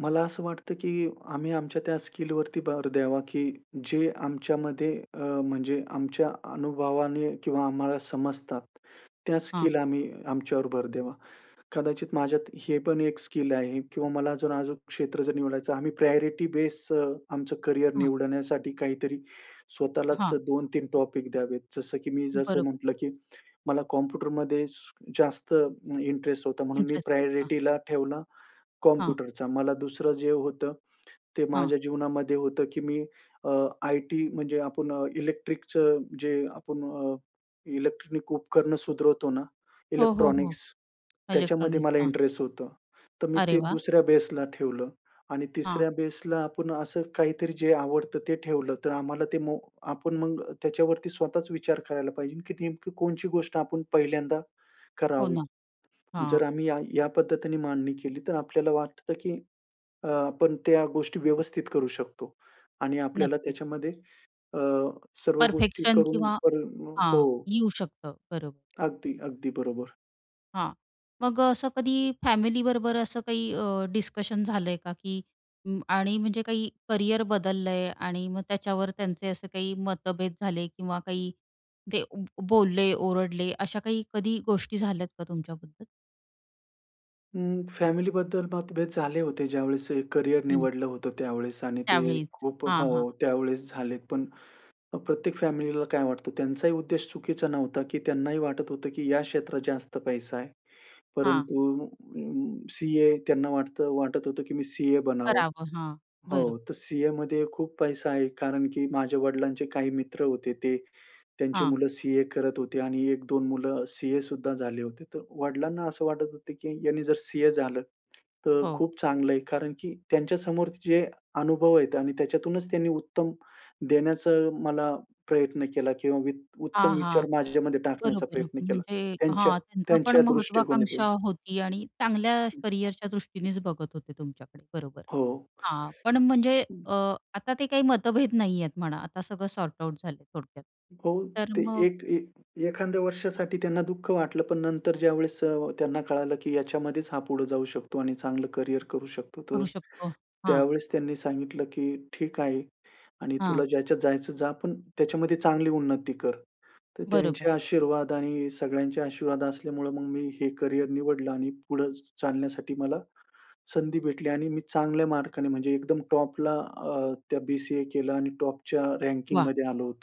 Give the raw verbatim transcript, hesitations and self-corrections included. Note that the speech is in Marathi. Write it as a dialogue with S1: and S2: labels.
S1: मला असं वाटतं की आम्ही आमच्या त्या स्किलवरती भर द्यावा की जे आमच्यामध्ये अ, म्हणजे आमच्या अनुभवाने किंवा आम्हाला समजतात त्या
S2: हां.
S1: स्किल आम्ही आमच्यावर भर द्यावा. कदाचित माझ्यात हे पण एक स्किल आहे किंवा मला अजून अजूक क्षेत्र जर निवडायचं आम्ही प्रायोरिटी बेस अ, आमचं करिअर
S2: हां.
S1: निवडण्यासाठी काहीतरी, स्वतःलाच अ,
S2: हां.
S1: दोन तीन टॉपिक द्यावेत. जसं की मी जसं
S2: बरोबर.
S1: म्हटलं की मला कॉम्प्युटरमध्ये स जास्त इंटरेस्ट होता. म्हणून मी
S2: इंटरेस्ट होता.
S1: प्रायोरिटीला ठेवला
S2: हां.
S1: कॉम्प्युटरचा. मला दुसरं जे होतं, ते
S2: हां.
S1: माझ्या जीवनामध्ये होतं की मी अ, आइटी म्हणजे आपण अ, इलेक्ट्रिकचं जे आपण अ, इलेक्ट्रॉनिक उपकरणं सुधरवतो ना,
S2: हो, हो,
S1: इलेक्ट्रॉनिक्स,
S2: हो.
S1: त्याच्यामध्ये
S2: इलेक्ट्रॉनिक्स,
S1: मला
S2: हां.
S1: इंटरेस्ट होतं. तर मी
S2: अरे
S1: ते
S2: वाह!
S1: दुसऱ्या बेसला ठेवलं आणि
S2: हां.
S1: तिसऱ्या बेसला आपण असं काहीतरी जे आवडतं, ते ठेवलं. तर आम्हाला ते मो आपण मग त्याच्यावरती स्वतःच विचार करायला पाहिजे ना की नेमकी कोणची गोष्ट आपण पहिल्यांदा
S2: हो
S1: करावी.
S2: ना.
S1: जर
S2: हां.
S1: आम्ही या या पद्धतीने मांडणी केली तर आपल्याला वाटतं की अ, आपण त्या गोष्टी व्यवस्थित करू शकतो आणि आपल्याला
S2: नक्कीच.
S1: त्याच्यामध्ये अ, सर्व गोष्टी
S2: परफेक्शन
S1: करून
S2: किंवा
S1: करून म अ,
S2: हां.
S1: हो.
S2: येऊ शकतं, बरोबर.
S1: अगदी, अगदी बरोबर.
S2: हां, मग अ, असं कधी फॅमिलीबरोबर असं काही अ, डिस्कशन झालंय का की अं, आणि म्हणजे काही करिअर बदललंय आणि मग त्याच्यावर त्यांचे असे काही मतभेद झाले किंवा काही ते अं, बो बोलले, ओरडले, अशा काही कधी गोष्टी झाल्यात का तुमच्याबद्दल?
S1: उम्म, फॅमिलीबद्दल मतभेद झाले होते ज्यावेळेस हे करिअर
S2: हं.
S1: निवडलं होतं त्यावेळेस आणि ते
S2: त्यावेळीच.
S1: खूप अ,
S2: हां, हां.
S1: हो त्यावेळेस झालेत, पण अ, प्रत्येक फॅमिलीला काय वाटतं त्यांचाही उद्देश चुकीचा नव्हता की त्यांनाही वाटत होतं की या क्षेत्रात जास्त पैसा आहे.
S2: हां.
S1: परंतु उम्म, सीए त्यांना वाटतं वाटत होतं की मी सीए बनावं.
S2: करावं. हां,
S1: हो,
S2: बरोबर.
S1: तर सीएमध्ये खूप पैसा आहे कारण की माझ्या वडिलांचे काही मित्र होते. ते त्यांची
S2: हां.
S1: मुलं सीए करत होते आणि एक दोन मुलं सीए सुद्धा झाले होते. तर वडिलांना असं वाटत होतं की ह्यांनी जर सीए झालं, तर
S2: हो.
S1: खूप चांगलं आहे. कारण की त्यांच्यासमोर जे अनुभव आहेत आणि त्याच्यातूनच त्यांनी उत्तम देण्याचा मला प्रयत्न केला किंवा वित्त उत्तम
S2: हां, हां.
S1: विचार माझ्यामध्ये टाकण्याचा
S2: बरोबर
S1: प्रयत्न केला.
S2: म्हणजे
S1: त्यांच्या
S2: हां. त्यांचं पण
S1: त्यांच्या
S2: महत्वाकांक्षा
S1: दृष्टिकोनातून.
S2: होती आणि चांगल्या
S1: हं.
S2: करिअरच्या दृष्टीनेच बघत होते तुमच्याकडे. बरोबर.
S1: हो.
S2: हां, पण म्हणजे
S1: हं.
S2: अ, आता ते काही मतभेद नाहीयेत म्हणा आता सगळं सॉर्ट आउट झालंय थोडक्यात.
S1: हो.
S2: तर
S1: ते
S2: मग
S1: एक एक एखाद्या वर्षासाठी त्यांना दुःख वाटलं, पण नंतर ज्यावेळेस अ, त्यांना कळालं की ह्याच्यामध्येच हा पुढे जाऊ शकतो आणि चांगलं करिअर करू शकतो, तर
S2: करू शकतो. हां.
S1: त्यावेळेस त्यांनी सांगितलं की "ठीक आहे आणि
S2: हां.
S1: तुला ज्याच्यात जायचं जा. पण त्याच्यामध्ये चांगली उन्नती कर." तर
S2: बरोबर.
S1: त्यांचे आशीर्वाद आणि सगळ्यांचे आशीर्वाद असल्यामुळे मग मी हे करिअर निवडलं आणि पुढं चालण्यासाठी मला संधी भेटली आणि मी चांगल्या मार्काने म्हणजे एकदम टॉपला अ, त्या बी-सी-ए केलं आणि टॉपच्या
S2: वाह!
S1: रँकिंगमध्ये आलो होतो.